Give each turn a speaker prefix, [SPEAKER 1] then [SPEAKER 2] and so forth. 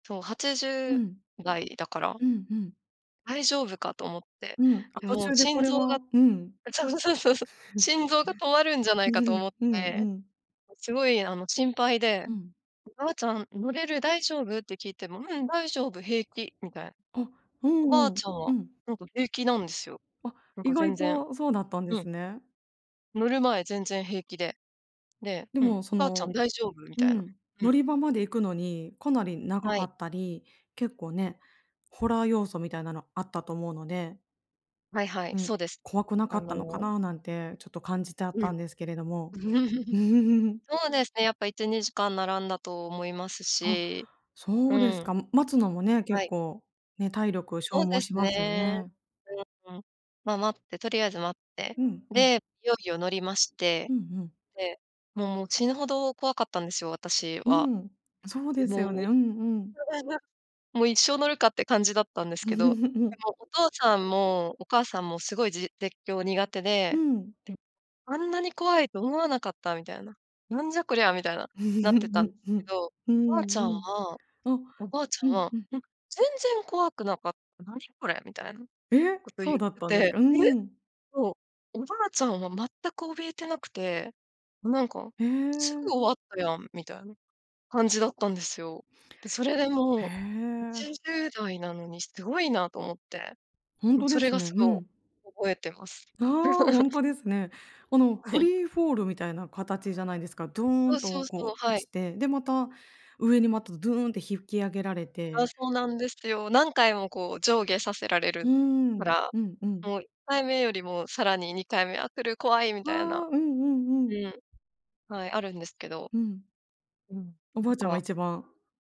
[SPEAKER 1] そう、はちじ
[SPEAKER 2] う
[SPEAKER 1] ゅ
[SPEAKER 2] ん。
[SPEAKER 1] うだいだから。
[SPEAKER 2] うんうん。
[SPEAKER 1] 大丈夫かと思って。
[SPEAKER 2] うん、あ、
[SPEAKER 1] で、
[SPEAKER 2] 途
[SPEAKER 1] もう
[SPEAKER 2] 中でこ
[SPEAKER 1] 心
[SPEAKER 2] れ
[SPEAKER 1] 臓
[SPEAKER 2] は
[SPEAKER 1] が
[SPEAKER 2] うん。
[SPEAKER 1] うそう、そ、そうそうそう。心臓が止まるんじゃないかと思っ
[SPEAKER 2] うんう
[SPEAKER 1] て、
[SPEAKER 2] ん。
[SPEAKER 1] すごいあの、心配で
[SPEAKER 2] うん。
[SPEAKER 1] 「おばあちゃん乗れる、大丈夫？」って聞いても「うん、大丈夫。平気」みたいな。
[SPEAKER 2] あ、う
[SPEAKER 1] おば
[SPEAKER 2] ん
[SPEAKER 1] あ
[SPEAKER 2] うん、
[SPEAKER 1] ちゃんは、
[SPEAKER 2] うん。
[SPEAKER 1] なんか平気なんですよ。
[SPEAKER 2] あ、
[SPEAKER 1] なん
[SPEAKER 2] 意
[SPEAKER 1] か全
[SPEAKER 2] 外
[SPEAKER 1] 然。
[SPEAKER 2] とそうだったんで
[SPEAKER 1] う
[SPEAKER 2] す
[SPEAKER 1] ん。
[SPEAKER 2] ね。
[SPEAKER 1] 乗る前全然平気で。で、
[SPEAKER 2] で
[SPEAKER 1] うん
[SPEAKER 2] も、そ
[SPEAKER 1] 「ばあちゃん
[SPEAKER 2] の
[SPEAKER 1] 大丈夫」み
[SPEAKER 2] う
[SPEAKER 1] たいな。
[SPEAKER 2] ん。
[SPEAKER 1] う
[SPEAKER 2] 乗
[SPEAKER 1] ん。
[SPEAKER 2] り場まで行くのにかなり長
[SPEAKER 1] は
[SPEAKER 2] か
[SPEAKER 1] い。
[SPEAKER 2] ったり、結構ね、ホラー要素みたいなのあったと思うので。
[SPEAKER 1] はいはい、
[SPEAKER 2] うん、
[SPEAKER 1] そうです。
[SPEAKER 2] 怖くな
[SPEAKER 1] あ
[SPEAKER 2] かったのか
[SPEAKER 1] の
[SPEAKER 2] ななんて、ちょっと感じちゃっ
[SPEAKER 1] うん。
[SPEAKER 2] たんですけれども。
[SPEAKER 1] そうですね、やっぱ1、2時間並んだと思います
[SPEAKER 2] あ、
[SPEAKER 1] し。
[SPEAKER 2] そ
[SPEAKER 1] う
[SPEAKER 2] うです
[SPEAKER 1] ん。
[SPEAKER 2] か。む待つのもね、
[SPEAKER 1] は
[SPEAKER 2] 結
[SPEAKER 1] い。
[SPEAKER 2] 構ね、体力
[SPEAKER 1] お
[SPEAKER 2] 消
[SPEAKER 1] う
[SPEAKER 2] 耗
[SPEAKER 1] です
[SPEAKER 2] しますよ
[SPEAKER 1] ね。
[SPEAKER 2] ね。
[SPEAKER 1] う、うん、まあ、待って、とりあえず待って、
[SPEAKER 2] うん、うん。
[SPEAKER 1] で、いよいよ乗りまして、
[SPEAKER 2] うんうん。
[SPEAKER 1] で、もうもう死ぬほど怖かったんですよ、私
[SPEAKER 2] う
[SPEAKER 1] は。
[SPEAKER 2] ん、そう
[SPEAKER 1] で、
[SPEAKER 2] です
[SPEAKER 1] も
[SPEAKER 2] よ
[SPEAKER 1] うお
[SPEAKER 2] ね。
[SPEAKER 1] い
[SPEAKER 2] うんうん。
[SPEAKER 1] もう一生乗るかって感じだったんですけど、で
[SPEAKER 2] うん。
[SPEAKER 1] もお父さんもお母さんもすごいじ絶叫苦手
[SPEAKER 2] う
[SPEAKER 1] で、
[SPEAKER 2] ん。
[SPEAKER 1] で「あんなに怖いと思わなかった」みたいな「なんじゃこりゃ」みたいな、なってたんすけ ど、
[SPEAKER 2] うん、うん。う
[SPEAKER 1] おばあち
[SPEAKER 2] ん
[SPEAKER 1] ゃ
[SPEAKER 2] う
[SPEAKER 1] ん
[SPEAKER 2] ん。
[SPEAKER 1] は
[SPEAKER 2] あ、
[SPEAKER 1] おばあちゃ
[SPEAKER 2] う
[SPEAKER 1] ん
[SPEAKER 2] ん
[SPEAKER 1] は
[SPEAKER 2] うん。
[SPEAKER 1] 「うん、全然怖くなかった、何これ」みたいな
[SPEAKER 2] え、
[SPEAKER 1] こと
[SPEAKER 2] そう
[SPEAKER 1] 言
[SPEAKER 2] だ
[SPEAKER 1] っ
[SPEAKER 2] っ
[SPEAKER 1] て
[SPEAKER 2] たんです
[SPEAKER 1] て、
[SPEAKER 2] か？う
[SPEAKER 1] え
[SPEAKER 2] ん。
[SPEAKER 1] そう、おばあちゃんは全く怯えてなくて、なんか
[SPEAKER 2] へ
[SPEAKER 1] 「すぐ
[SPEAKER 2] え。
[SPEAKER 1] 終わったやん」みたいな感じだったんですよ。で、それでもう
[SPEAKER 2] へ
[SPEAKER 1] は
[SPEAKER 2] え。
[SPEAKER 1] ちじゅうだいなのにすごいなと思って。
[SPEAKER 2] ほん
[SPEAKER 1] もう
[SPEAKER 2] と
[SPEAKER 1] そ
[SPEAKER 2] で
[SPEAKER 1] れ
[SPEAKER 2] す
[SPEAKER 1] が
[SPEAKER 2] ね。う
[SPEAKER 1] すご
[SPEAKER 2] ん。
[SPEAKER 1] 覚えてます。
[SPEAKER 2] ああ、ほ んとですね。あの、
[SPEAKER 1] は
[SPEAKER 2] フ
[SPEAKER 1] い。
[SPEAKER 2] リーフォールみたいな形じゃないんですか。ドー
[SPEAKER 1] そう
[SPEAKER 2] ン
[SPEAKER 1] そ
[SPEAKER 2] と
[SPEAKER 1] うそ
[SPEAKER 2] こ
[SPEAKER 1] う、
[SPEAKER 2] う
[SPEAKER 1] は
[SPEAKER 2] 落
[SPEAKER 1] い。
[SPEAKER 2] ちて、で、また上にまたドゥーンって引き上げられ
[SPEAKER 1] ああ、
[SPEAKER 2] て。
[SPEAKER 1] そうなんですよ。何回もこう上下させられ
[SPEAKER 2] うー
[SPEAKER 1] るか
[SPEAKER 2] ん。
[SPEAKER 1] ら、
[SPEAKER 2] うんうん。
[SPEAKER 1] もう1回目よりもさらに2回目「あ、来る怖い」みたいな。
[SPEAKER 2] わ、うんうんう
[SPEAKER 1] う
[SPEAKER 2] ん。
[SPEAKER 1] ん、はい、あるんですけど。
[SPEAKER 2] うん。
[SPEAKER 1] うん、
[SPEAKER 2] おば
[SPEAKER 1] な
[SPEAKER 2] あ
[SPEAKER 1] ん
[SPEAKER 2] ちゃんが
[SPEAKER 1] か
[SPEAKER 2] 一番